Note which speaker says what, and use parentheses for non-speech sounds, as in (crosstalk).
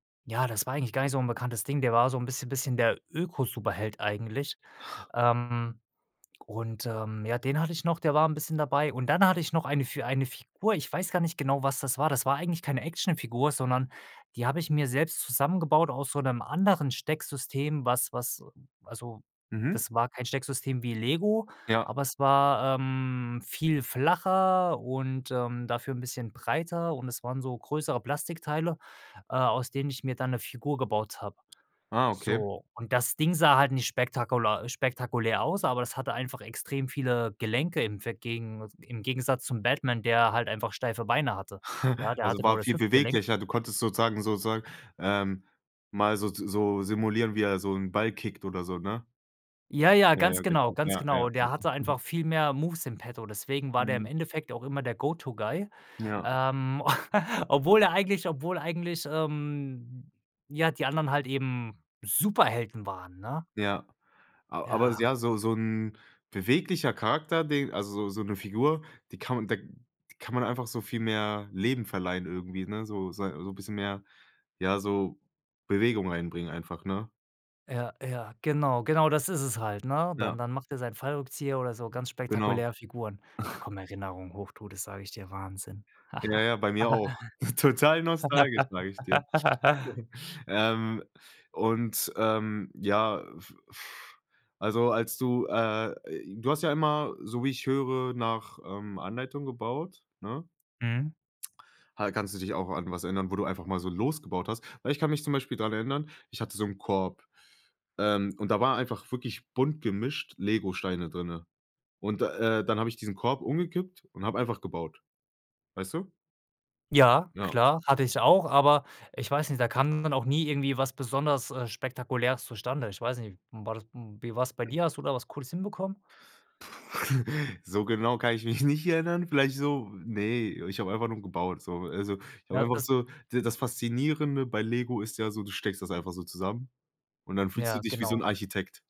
Speaker 1: Ja, das war eigentlich gar nicht so 'n bekanntes Ding, der war so 'n bisschen bisschen der Öko-Superheld eigentlich,
Speaker 2: (snorts)
Speaker 1: ähm, und, ähm, ja, den hatte ich noch, der war 'n bisschen dabei. Und dann hatte ich noch eine für eine Figur, ich weiß gar nicht genau, was das war. Das war eigentlich keine Actionfigur, sondern die habe ich mir selbst zusammengebaut aus so 'nem anderen Stecksystem, was was also,
Speaker 2: Mhm.
Speaker 1: das war kein Stecksystem wie Lego,
Speaker 2: Ja.
Speaker 1: aber es war, ähm, viel flacher und, ähm, dafür 'n bisschen breiter und es waren so größere Plastikteile, äh, aus denen ich mir dann 'ne Figur gebaut habe,
Speaker 2: Ah, okay.
Speaker 1: so. Und das Ding sah halt nicht spektakular spektakulär aus, aber das hatte einfach extrem viele Gelenke im ve gegen im Gegensatz zum Batman, der halt einfach steife Beine hatte, ja,
Speaker 2: (chuckles)
Speaker 1: der
Speaker 2: Also
Speaker 1: hatte nur
Speaker 2: war
Speaker 1: das
Speaker 2: viel
Speaker 1: Hüftgelenk.
Speaker 2: beweglicher, du konntest sozusagen sozusagen, ähm, mal so z so simulieren, wie er so 'n Ball kickt oder so, ne?
Speaker 1: Ja, ja,
Speaker 2: Ja, ja,
Speaker 1: ganz genau,
Speaker 2: genau.
Speaker 1: ganz
Speaker 2: Ja, ja,
Speaker 1: genau.
Speaker 2: ja.
Speaker 1: Der hatte
Speaker 2: Mhm.
Speaker 1: einfach viel mehr Moves in Petto, deswegen war der im
Speaker 2: Mhm.
Speaker 1: Endeffekt auch immer der Go-to-Guy,
Speaker 2: Ja.
Speaker 1: ähm, (chuckles) obwohl er eigentlich obwohl eigentlich, ähm, ja, die anderen halt eben Superhelden waren, ne?
Speaker 2: Ja, a aber
Speaker 1: Ja.
Speaker 2: ja, so so 'n beweglicher Charakter den also, so 'ne Figur, die kann man da kann man einfach so viel mehr Leben verleihen irgendwie, ne, so sei so 'n bisschen mehr, ja, so Bewegung reinbringen einfach, ne?
Speaker 1: Ja, ja, genau, genau das ist es halt, ne,
Speaker 2: Ja.
Speaker 1: dann dann macht er seinen Fallrückzieher oder so ganz
Speaker 2: Genau.
Speaker 1: spektakuläre Figuren, da
Speaker 2: (snorts)
Speaker 1: kommen Erinnerungen hoch, du, das sage ich dir, Wahnsinn.
Speaker 2: Ja, ja, bei mir auch, ist total nostalgisch, sage ich dir.
Speaker 1: (laughs)
Speaker 2: (chuckles) Ähm, und, ähm, ja, äh, f also als du, äh, j du hast ja immer, so wie ich höre, nach, ähm, Anleitung gebaut, ne?
Speaker 1: Mhm.
Speaker 2: Ha kannst du dich auch an was erinnern, wo du einfach mal so losgebaut hast? Weil ich kann mich zum Beispiel daran erinnern, ich hatte so 'n Korb, ähm, und da war einfach wirklich bunt gemischt Legosteine drinnen, und, äh, dann habe ich diesen Korb umgekippt und habe einfach gebaut, weißt du?
Speaker 1: Ja,
Speaker 2: Ja.
Speaker 1: klar, hatte ich auch, aber ich weiß nicht, da kam dann auch nie irgendwie was besonders, äh, Spektakuläres zustande. Ich weiß nicht, m war das m wie war's bei dir? Hast du da was Cooles hinbekommen?
Speaker 2: (chuckles) So genau kann ich mich nicht erinnern, vielleicht so ne, ich habe einfach nur gebaut, so, also, ich habe
Speaker 1: Na,
Speaker 2: einfach
Speaker 1: das
Speaker 2: so d das Faszinierende bei Lego ist ja so, du steckst das einfach so zusammen und dann fühlst du
Speaker 1: Ja,
Speaker 2: dich wie so 'n
Speaker 1: genau.
Speaker 2: Architekt.